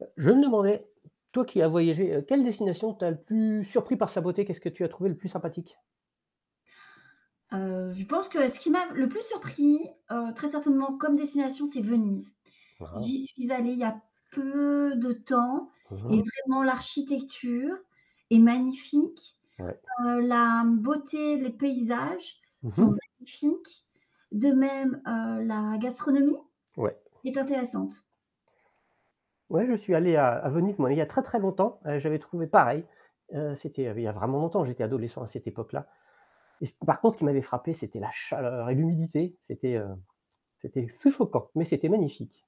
Heu, je me demandais, toi qui as voyagé, heu, quelle destination t'a le plus surpris par sa beauté? Qu'est-ce que tu as trouvé le plus sympathique? Heu, je pense que ce qui m'a le plus surpris, heu, très certainement comme destination, c'est Venise. Ah, ah! J'y suis allée il y a peu de temps Mmh et mh. vraiment, l'architecture est magnifique. Ouais. Heu, la, mmh, beauté, les paysages Mmh sont mh. magnifiques. De même, heu, la gastronomie Ouais. est intéressante. Ouais, je suis allé à à Venise, moi, il y a très très longtemps. Heu, j'avais trouvé pareil heu, c'était il y avait il y a vraiment longtemps, j'étais adolescent à cette époque-là et ce, par contre, ce qui m'avait frappé, c'était la chaleur et l'humidité, c'était, heu, c'était suffocant, mais c'était magnifique.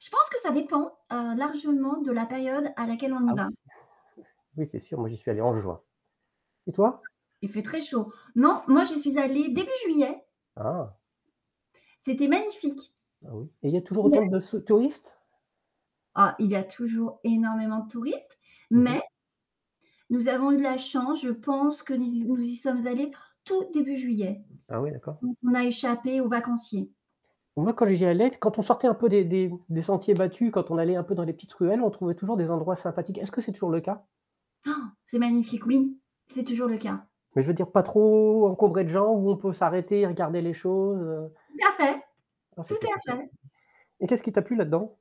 Je pense que ça dépend, heu, largement de la période à laquelle on y Ah oui? va. Oui, c'est sûr. Moi j'y suis allé en juin, et toi? Il fait très chaud. Non, moi, j'y suis allée début juillet. Ah! C'était magnifique! Ah oui? Et il y a toujours Ouais. autant de su touristes? Ah, il y a toujours énormément de touristes, Mmh mh. mais nous avons eu de la chance, je pense que ni z nous y sommes allés tout début juillet, Ah oui. D'accord. donc on a échappé aux vacanciers. Moi, quand j'y allais, quand on sortait un peu des des, mmh, des sentiers battus, quand on allait un peu dans les petites ruelles, on trouvait toujours des endroits sympathiques. Est-ce que c'est toujours le cas? Han! C'est magnifique, oui, c'est toujours le cas. Mais je veux dire pas trop encombré de gens, où on peut s'arrêter et regarder les choses, heu? Tout à fait Non, tout c'était à sympathi fait. et qu'est-ce qui t'a plu là-dedans?